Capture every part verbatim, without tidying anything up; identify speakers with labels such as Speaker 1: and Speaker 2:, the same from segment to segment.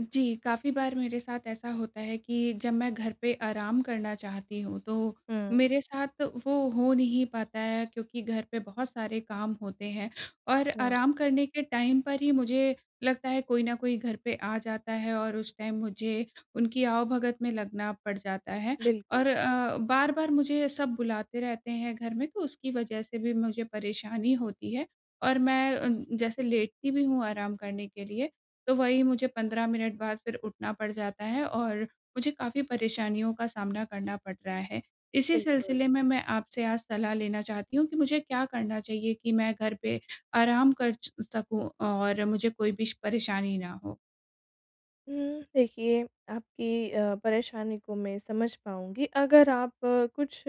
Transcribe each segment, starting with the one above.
Speaker 1: जी, काफ़ी बार मेरे साथ ऐसा होता है कि, जब मैं घर पे आराम करना चाहती हूँ, तो
Speaker 2: हुँ।
Speaker 1: मेरे साथ वो हो नहीं पाता है क्योंकि घर पे बहुत सारे काम होते हैं। और
Speaker 2: हुँ।
Speaker 1: आराम करने के टाइम पर ही मुझे लगता है कोई ना कोई घर पे आ जाता है और उस टाइम मुझे उनकी आवभगत में लगना पड़ जाता है।
Speaker 2: बिल्कुल।
Speaker 1: और अ, बार-बार मुझे सब बुलाते रहते हैं घर में, तो उसकी वजह से भी मुझे परेशानी होती है। और मैं जैसे लेटती भी हूँ आराम करने के लिए, तो वही मुझे पंद्रह मिनट बाद फ़िर उठना पड़ जाता है और मुझे काफ़ी परेशानियों का सामना करना पड़ रहा है। इसी
Speaker 2: बिल्कुल।
Speaker 1: सिलसिले में मैं आपसे आज सलाह लेना चाहती हूँ, कि मुझे क्या करना चाहिए कि मैं घर पे आराम कर च सकूँ और मुझे कोई भी श परेशानी ना हो?
Speaker 2: उम, देखिए आपकी अ, परेशानी को मैं समझ पाऊँगी, अगर आप कुछ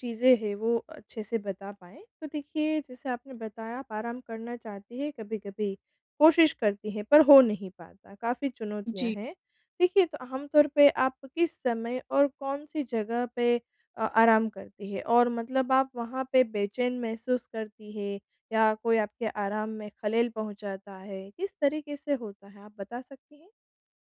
Speaker 2: चीज़ें हैं वो अच्छे से बता पाएँ। तो देखिए, जैसे आपने बताया आप आराम करना चाहती हैं कभी-कभी, कोशिश करती हैं पर हो नहीं पाता। काफ़ी चुनौतियाँ
Speaker 1: जी।
Speaker 2: हैं। देखिए तो आम तौर पे, आप किस समय और कौन सी जगह पे अ, आराम करती हैं? और मतलब आप वहाँ पे बेचैन महसूस करती हैं या कोई आपके आराम में खलल पहुँचाता है? किस तरीके से होता है, आप बता सकती हैं?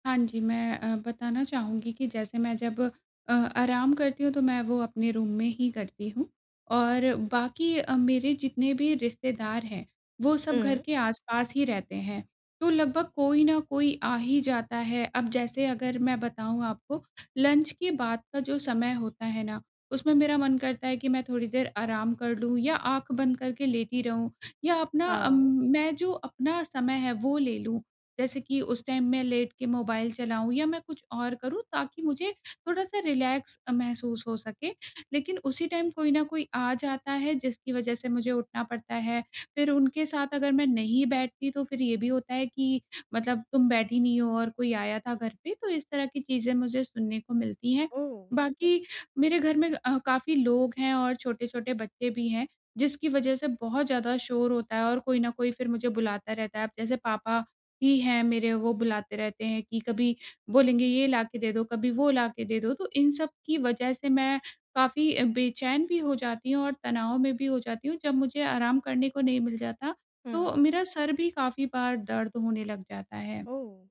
Speaker 1: हाँ जी, मैं अ, बताना चाहूँगी कि जैसे मैं जब अ, आराम करती हूँ, तो मैं वो अपने रूम में ही करती हूँ और बाकी अ, मेरे जितने भी रिश्तेदार हैं, वो सब घर
Speaker 2: हुँ।
Speaker 1: के आस-पास ही रहते हैं। तो लगभग कोई न कोई आ ही जाता है। अब जैसे अगर मैं बताऊँ आपको, लंच के बाद का जो समय होता है ना, उसमें मेरा मन करता है कि मैं थोड़ी देर आराम कर लूँ या आँख बंद करके लेटी रहूँ या अपना अम
Speaker 2: हाँ।
Speaker 1: मैं जो अपना समय है, वो ले लूँ। जैसे कि उस टाइम मैं लेट के मोबाइल चलाऊँ या मैं कुछ और करूँ, ताकि मुझे थोड़ा-सा रिलैक्स अ, महसूस हो सके। लेकिन उसी टाइम कोई न कोई आ जाता है, जिसकी वजह से मुझे उठना पड़ता है। फिर उनके साथ अगर मैं नहीं बैठती, तो फिर ये भी होता है कि मतलब, "तुम बैठी नहीं हो और कोई आया था घर पे।" तो इस तरह की चीज़ें मुझे सुनने को मिलती हैं।
Speaker 2: ओह!
Speaker 1: बाकी मेरे घर में अ, काफ़ी लोग हैं और छोटे-छोटे बच्चे भी हैं, जिसकी वजह से बहुत ज़्यादा शोर होता है और कोई न कोई फिर मुझे बुलाता रहता है। अब जैसे पापा भी हैं मेरे, वो बुलाते रहते हैं कि कभी बोलेंगे, "ये ला के दे दो, कभी वो ला के दे दो।" तो इन सब की वजह से मैं काफ़ी अ, बेचैन भी हो जाती हूँ और तनाव में भी हो जाती हूँ। जब मुझे आराम करने को नहीं मिल जाता,
Speaker 2: हुँ।
Speaker 1: तो मेरा सर भी काफ़ी बार दर्द होने लग जाता है।
Speaker 2: ओह!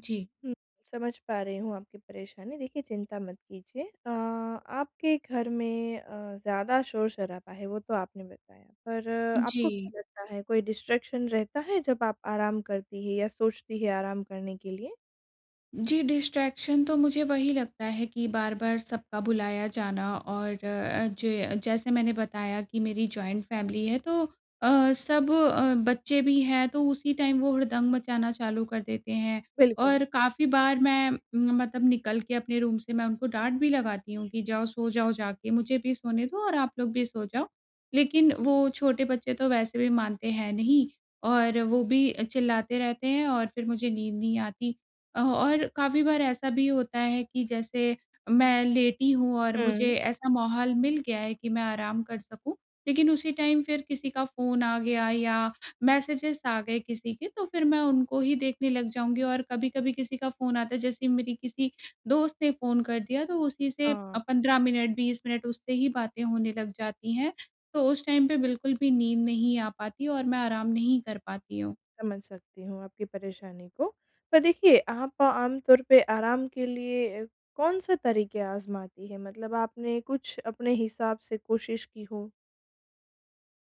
Speaker 1: जी।
Speaker 2: हुँ। समझ पा रही हूँ आपकी परेशानी। देखिए, चिंता मत कीजिए। अ, आपके घर में अ, ज़्यादा शोर-शराबा है, वो तो आपने बताया, पर आपको
Speaker 1: जी।
Speaker 2: क्या लगता है, कोई डिस्ट्रैक्शन रहता है, जब आप आराम करती हैं या सोचती हैं आराम करने के लिए?
Speaker 1: जी, डिस्ट्रैक्शन तो मुझे वही लगता है कि बार-बार सबका बुलाया जाना और अ, जे जैसे मैंने बताया कि मेरी जॉइंट फ़ैमिली है, तो अ, सब अ, बच्चे भी हैं, तो उसी टाइम वो हुड़दंग मचाना चालू कर देते हैं
Speaker 2: बिल्कुल।
Speaker 1: और काफ़ी बार मैं मतलब निकल के अपने रूम से, मैं उनको डाँट भी लगाती हूँ कि, "जाओ, सो जाओ जाके। मुझे भी सोने दो और आप लोग भी सो जाओ।" लेकिन वो छोटे बच्चे तो वैसे भी मानते हैं नहीं और वो भी अ, चिल्लाते रहते हैं और फ़िर मुझे नींद नहीं आती। अ, और काफ़ी बार ऐसा भी होता है कि जैसे मैं लेटी हूँ और मुझे
Speaker 2: हुँ।
Speaker 1: ऐसा माहौल मिल गया है कि मैं आराम कर सकूँ, लेकिन उसी टाइम फिर किसी का फ़ोन आ गया या मैसेजेज़ आ गए किसी के, तो फिर मैं उनको ही देखने लग जाऊँगी और कभी-कभी किसी का फ़ोन आता है। जैसे मेरी किसी दोस्त ने फ़ोन कर दिया, तो उसी से अ,
Speaker 2: हाँ।
Speaker 1: पंद्रह मिनट, बीस मिनट उससे ही बातें होने लग जाती हैं। तो उस टाइम पे बिल्कुल भी नींद नहीं आ पाती और मैं आराम नहीं कर पाती हूँ।
Speaker 2: समझ सकती हूँ आपकी परेशानी को। पर देखिए, आप आम तौर पे आराम के लिए अ, कौन-से तरीक़े आज़माती हैं? मतलब आपने कुछ अपने हिसाब से कोशिश की हो।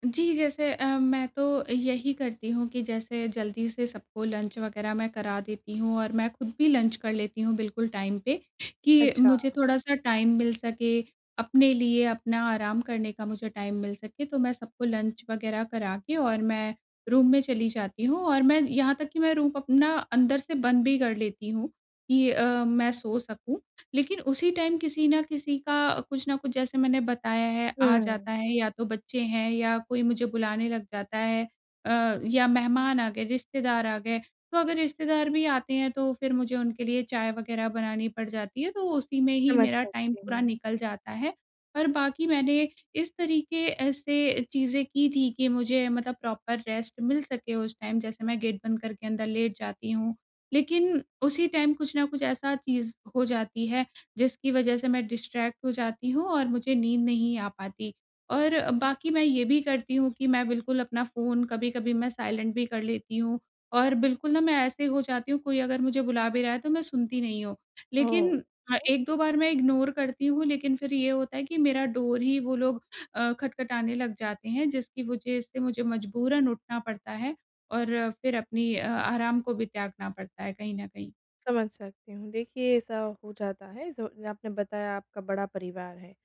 Speaker 1: जी, जैसे अ, मैं तो यही करती हूँ कि जैसे जल्दी से सबको लंच वग़ैरह मैं करा देती हूँ और मैं खुद भी लंच कर लेती हूँ बिल्कुल टाइम पे, कि
Speaker 2: अच्छा।
Speaker 1: मुझे थोड़ा-सा टाइम मिल सके। अपने लिए अपना आराम करने का मुझे टाइम मिल सके तो मैं सबको लंच वग़ैरह करा के और मैं रूम में चली जाती हूँ और मैं यहाँ तक कि मैं रूम अपना अंदर से बंद भी कर लेती हूँ। ये अ, मैं सो सकूँ, लेकिन उसी टाइम किसी न किसी का कुछ न कुछ जैसे मैंने बताया है आ
Speaker 2: हुँ।
Speaker 1: जाता है या तो बच्चे हैं या कोई मुझे बुलाने लग जाता है अ, या मेहमान आ गए रिश्तेदार आ गए। तो अगर रिश्तेदार भी आते हैं तो फिर मुझे उनके लिए चाय वग़ैरह बनानी पड़ जाती है। तो उसी में ही
Speaker 2: समझ
Speaker 1: मेरा टाइम
Speaker 2: सकती
Speaker 1: पूरा
Speaker 2: हूँ।
Speaker 1: निकल जाता है। और बाकी मैंने इस तरीके ऐसे चीज़ें की थी कि मुझे मतलब प्रॉपर रेस्ट मिल सके उस टाइम जैसे मैं गेट बंद करके अंदर लेट जाती हूँ। लेकिन उसी टाइम कुछ न कुछ ऐसा चीज़ हो जाती है, जिसकी वजह से मैं डिस्ट्रैक्ट हो जाती हूँ और मुझे नींद नहीं आ पाती। और बाकी मैं ये भी करती हूँ कि मैं बिल्कुल अपना फ़ोन कभी-कभी मैं साइलेंट भी कर लेती हूँ, और बिल्कुल ना मैं ऐसे हो जाती हूँ, कोई अगर मुझे बुला भी रहा है तो मैं सुनती नहीं हूँ।
Speaker 2: ओह!
Speaker 1: लेकिन हाँ,
Speaker 2: हुँ।
Speaker 1: एक दो बार मैं इग्नोर करती हूँ लेकिन फिर ये होता है कि मेरा डोर ही वो लोग अ, खटखटाने लग जाते हैं जिसकी वजह से मुझे मजबूरन उठना पड़ता है, और फिर अपनी अ, आराम को भी त्यागना पड़ता है कहीं न कहीं।
Speaker 2: समझ सकती हूँ। देखिए, ऐसा हो जाता है, जो आपने बताया, आपका बड़ा परिवार है।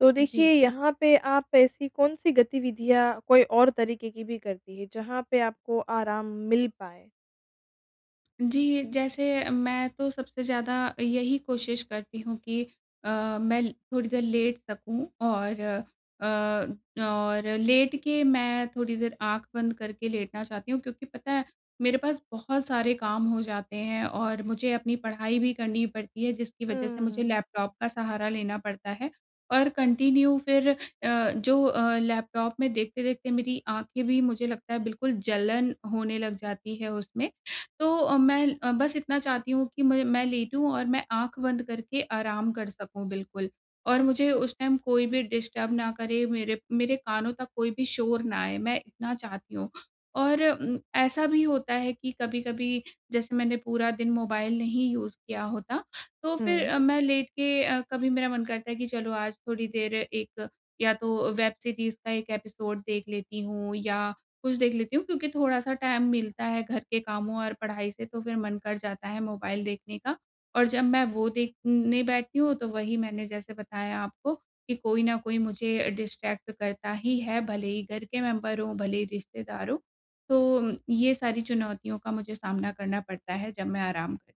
Speaker 2: तो देखिए,
Speaker 1: जी।
Speaker 2: यहाँ पे आप ऐसी कौन-सी गतिविधियाँ, कोई और तरीक़े की भी करती हैं, जहाँ पे आपको आराम मिल पाए?
Speaker 1: जी, जैसे मैं तो सबसे ज़्यादा यही कोशिश करती हूँ कि अ, मैं थोड़ी देर लेट सकूँ और अ, और लेट के मैं थोड़ी देर आँख बंद करके लेटना चाहती हूँ क्योंकि पता है, मेरे पास बहुत सारे काम हो जाते हैं और मुझे अपनी पढ़ाई भी करनी पड़ती है, जिसकी वजह से मुझे
Speaker 2: हुँ।
Speaker 1: लैपटॉप का सहारा लेना पड़ता है और कन्टिन्यू फिर अ, जो अ, लैपटॉप में देखते-देखते मेरी आँखें भी, मुझे लगता है, बिल्कुल जलन होने लग जाती है उसमें। तो अ, मैं अ, बस इतना चाहती हूँ कि मु मैं लेटूँ और मैं आँख बंद करके आराम कर सकूँ बिल्कुल और
Speaker 2: हुँ।
Speaker 1: मुझे उस टाइम कोई भी डिस्टर्ब ना करे, मेरे मेरे कानों तक कोई भी शोर ना आए, मैं इतना चाहती हूँ। और उम, ऐसा भी होता है कि कभी-कभी, जैसे मैंने पूरा दिन मोबाइल नहीं यूज़ किया होता, तो फिर
Speaker 2: हुँ।
Speaker 1: अ, मैं लेट के अ, कभी मेरा मन करता है कि, "चलो, आज थोड़ी देर एक या तो वेब सीरीज़ का एक एपिसोड देख लेती हूँ या कुछ देख लेती हूँ।" क्योंकि थोड़ा-सा टाइम मिलता है घर के कामों और पढ़ाई से, तो फिर मन कर जाता है मोबाइल देखने का और जब मैं वो देखने बैठती हूँ, तो वही मैंने जैसे बताया आपको कि कोई न कोई मुझे अ, डिस्ट्रैक्ट करता ही है, भले ही घर के मेम्बर हों, भले ही रिश्तेदार हों। तो ये सारी चुनौतियों का मुझे सामना करना पड़ता है, जब मैं आराम करती हूँ।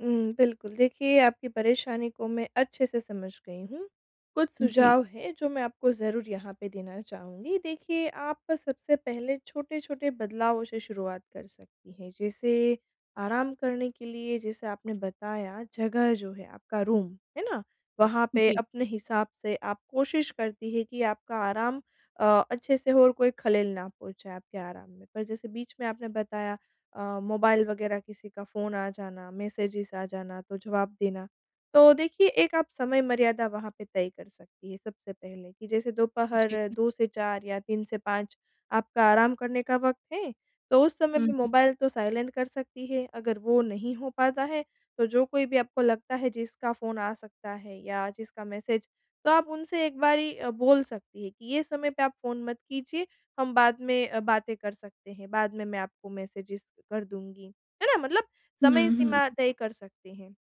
Speaker 2: हुँ, बिल्कुल। देखिए, आपकी परेशानी को मैं अच्छे से समझ गई हूँ। कुछ
Speaker 1: जी।
Speaker 2: सुझाव हैं, जो मैं आपको ज़रूर यहाँ पे देना चाहूँगी। देखिए, आप सबसे पहले छोटे-छोटे बदलावों से शुरुआत कर सकती हैं। जैसे आराम करने के लिए, जैसे आपने बताया, जगह जो है, आपका रूम, है ना? वहाँ पे
Speaker 1: जी।
Speaker 2: अपने हिसाब से आप कोशिश करती हैं कि आपका आराम अ, अच्छे से हो और कोई खलल ना पहुँचाए आपके आराम में। पर जैसे बीच में आपने बताया अ, मोबाइल वग़ैरह किसी का फ़ोन आ जाना, मैसेजेज़ आ जाना, तो जवाब देना। तो देखिए, एक आप समय मर्यादा वहाँ पे तय कर सकती हैं सबसे पहले, कि जैसे
Speaker 1: जी।
Speaker 2: दोपहर दो से चार या तीन से पाँच आपका आराम करने का वक़्त है। तो उस समय
Speaker 1: हुँ,
Speaker 2: में
Speaker 1: हुँ।
Speaker 2: मोबाइल तो साइलेंट कर सकती हैं। अगर वो नहीं हो पाता है, तो जो कोई भी आपको लगता है, जिसका फ़ोन आ सकता है या जिसका मैसेज, तो आप उनसे एक बारी अ, बोल सकती हैं कि, "ये समय पे आप फ़ोन मत कीजिए, हम बाद में अ, बातें कर सकते हैं। बाद में मैं आपको मैसेजेज़ कर दूँगी।" है ना? मतलब
Speaker 1: हुँ,
Speaker 2: समय सीमा
Speaker 1: हुँ।
Speaker 2: तय कर सकते हैं।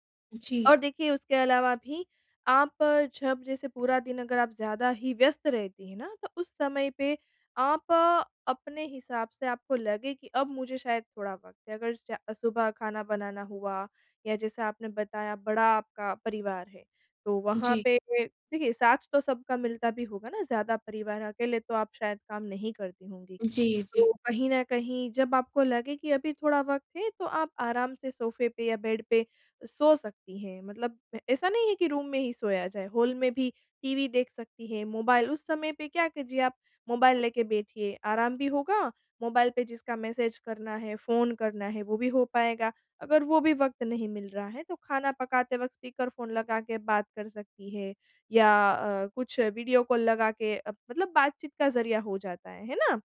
Speaker 2: और
Speaker 1: जी।
Speaker 2: देखिए, उसके अलावा भी आप जब जैसे पूरा दिन अगर आप ज़्यादा ही व्यस्त रहती हैं ना, तो उस समय पे आप अपने हिसाब से आपको लगे कि अब मुझे शायद थोड़ा वक़्त है, अगर च सुबह खाना बनाना हुआ या जैसा आपने बताया, बड़ा आपका परिवार है, तो वहाँ
Speaker 1: जी।
Speaker 2: पे देखिए, साथ तो सबका मिलता भी होगा ना, ज़्यादा परिवार अकेले तो आप शायद काम नहीं करती होंगी।
Speaker 1: जी, जी।
Speaker 2: तो कहीं न कहीं जब आपको लगे कि अभी थोड़ा वक़्त है, तो आप आराम से सोफ़े पे या बेड पे सो सकती हैं। मतलब ऐसा नहीं है कि रूम में ही सोया जाए, हॉल में भी टीवी देख सकती हैं, मोबाइल, उस समय पे क्या कीजिए आप, मोबाइल लेके बैठिए। आराम भी होगा, मोबाइल पे जिसका मैसेज करना है, फ़ोन करना है, वो भी हो पाएगा। अगर वो भी वक़्त नहीं मिल रहा है, तो खाना पकाते वक़्त स्पीकर फ़ोन लगा के बात कर सकती हैं या अ, कुछ वीडियो कॉल लगा के अ, मतलब बातचीत का ज़रिया हो जाता है। है ना?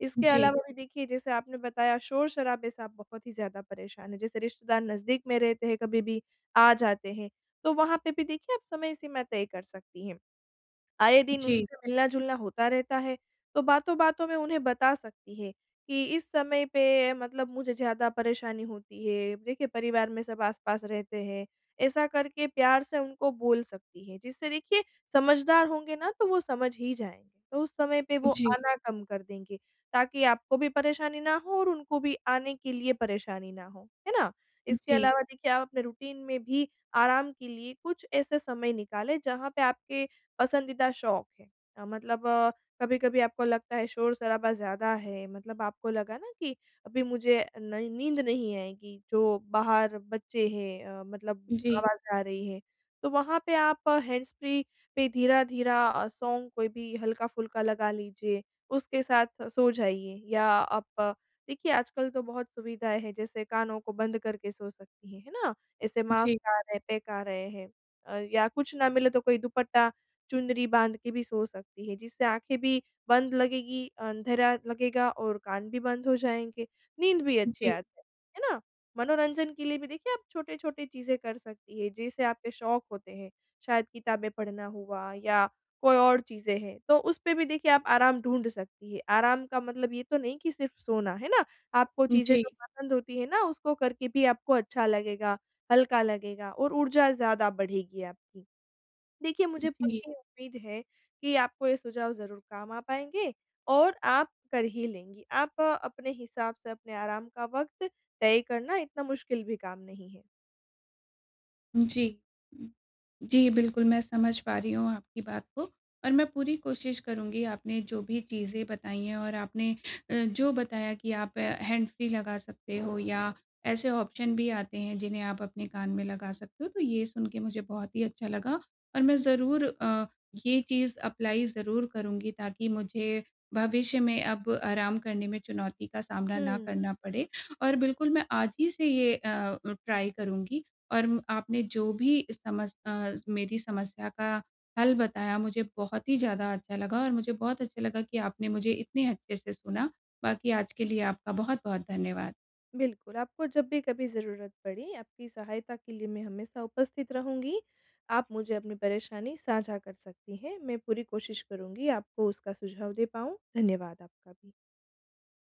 Speaker 2: इसके
Speaker 1: जी।
Speaker 2: अलावा भी, देखिए, जैसे आपने बताया, शोर-शराबे से आप बहुत ही ज़्यादा परेशान हैं। जैसे रिश्तेदार नज़दीक में रहते हैं, कभी भी आ जाते हैं। तो वहाँ पे भी देखिए, आप समय सीमा तय कर सकती हैं। आए दिन
Speaker 1: जी।
Speaker 2: उनसे मिलना-जुलना होता रहता है, तो बातों-बातों में उन्हें बता सकती हैं कि, "इस समय पे मतलब मुझे ज़्यादा परेशानी होती है। देखिए, परिवार में सब आस-पास रहते हैं।" ऐसा करके प्यार से उनको बोल सकती हैं, जिससे देखिए, समझदार होंगे ना, तो वो समझ ही जाएँगे। तो उस समय पे वो
Speaker 1: हुँ, जी।
Speaker 2: आना कम कर देंगे, ताकि आपको भी परेशानी ना हो और उनको भी आने के लिए परेशानी ना हो। है ना? इसके
Speaker 1: जी।
Speaker 2: अलावा, देखिए, आप अपने रूटीन में भी आराम के लिए कुछ ऐसे समय निकालें, जहाँ पे आपके पसंदीदा शौक हैं। अ, मतलब कभी-कभी आपको लगता है, शोर-शराबा ज़्यादा है, मतलब आपको लगा ना कि अभी मुझे नहीं नींद नहीं आएगी, जो बाहर बच्चे हैं अ, मतलब
Speaker 1: जी।
Speaker 2: आवाज़ आ रही है। तो वहाँ पे आप हैंड्सफ्री पे धीरा-धीरा अ, सॉन्ग कोई भी हल्का-फुल्का लगा लीजिए, उसके साथ सो जाइए या आप देखिए, आजकल तो बहुत सुविधाएँ हैं, जैसे कानों को बंद करके सो सकती हैं। है ना? ऐसे
Speaker 1: उजी।
Speaker 2: मास्क आ रहे हैं, पैक आ रहे हैं अ, या कुछ न मिले, तो कोई दुपट्टा, चुनरी बाँध के भी सो सकती हैं, जिससे आँखें भी बंद लगेगी, अंधेरा लगेगा और कान भी बंद हो जाएँगे, नींद भी अच्छी
Speaker 1: जी।
Speaker 2: आती है। है ना? मनोरंजन के लिए भी, देखिए, आप छोटे-छोटे चीज़ें कर सकती हैं, जैसे आपके शौक होते हैं। शायद किताबें पढ़ना हुआ या कोई और चीज़ें हैं, तो उस पे भी देखिए, आप आराम ढूँढ सकती हैं। आराम का मतलब ये तो नहीं कि सिर्फ़ सोना, है ना? आपको
Speaker 1: उ,
Speaker 2: चीज़ें जो
Speaker 1: जी।
Speaker 2: पसंद होती हैं ना, उसको करके भी आपको अच्छा लगेगा, हल्का लगेगा और ऊर्जा ज़्यादा बढ़ेगी आपकी। उ देखिए,
Speaker 1: उ,
Speaker 2: मुझे
Speaker 1: जी।
Speaker 2: पक्की उम्मीद है कि आपको ये सुझाव ज़रूर काम आ पाएँगे और आप कर ही लेंगी। आप अपने हिसाब से अपने आराम का वक़्त तय करना। इतना मुश्किल भी काम नहीं है।
Speaker 1: जी। जी, बिल्कुल, मैं समझ पा रही हूँ आपकी बात को और मैं पूरी कोशिश करुँगी, आपने जो भी चीज़ें बताई हैं और आपने अ, जो बताया कि आप हैंडफ्री लगा सकते हो या ऐसे ऑप्शन भी आते हैं, जिन्हें आप अपने कान में लगा सकते हो। तो ये सुनके मुझे बहुत ही अच्छा लगा और मैं ज़रूर अ, ये चीज़ अप्लाय ज़रूर करुँगी, ताकि मुझे भविष्य में अब आराम करने में चुनौती का सामना ना
Speaker 2: हुँ।
Speaker 1: करना पड़े और बिल्कुल, मैं आज ही से ये अ अ, ट्राय करुँगी और आपने जो भी समस अ, मेरी समस्या का हल बताया, मुझे बहुत ही ज़्यादा अच्छा लगा और मुझे बहुत अच्छा लगा कि आपने मुझे इतने अच्छे से सुना। बाकी आज के लिए आपका बहुत-बहुत धन्यवाद।
Speaker 2: बिल्कुल, आपको जब भी कभी ज़रूरत पड़ी, आपकी सहायता के लिए मैं हमेशा उपस्थित रहूँगी। आप मुझे अपनी परेशानी साझा कर सकती हैं, मैं पूरी कोशिश करूँगी, आपको उसका सुझाव दे पाऊँ। धन्यवाद आपका भी।